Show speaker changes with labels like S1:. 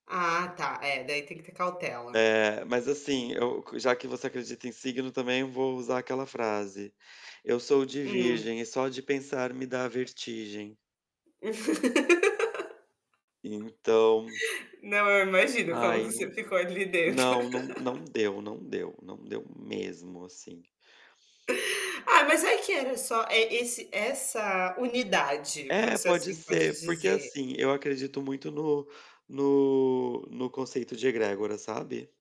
S1: Ah tá, é daí tem que ter cautela.
S2: Mas, assim, eu qua já que você acredita em signo, também, vou usar aquela frase: "Eu sou de
S1: Hum.
S2: virgem e só de pensar me dá vertigem". Então
S1: Não, eu imagino como que
S2: Ai nã
S1: você ficou ali dentro.
S2: não não não deu, não deu, não deu mesmo, assim.
S1: Ah, mas é que era só e esse essa unidade,
S2: É,
S1: vamos se
S2: pode
S1: assim pode
S2: ser, porque,
S1: dizer.
S2: assim, eu acredito muito no no no conceito de Egrégora, sabe?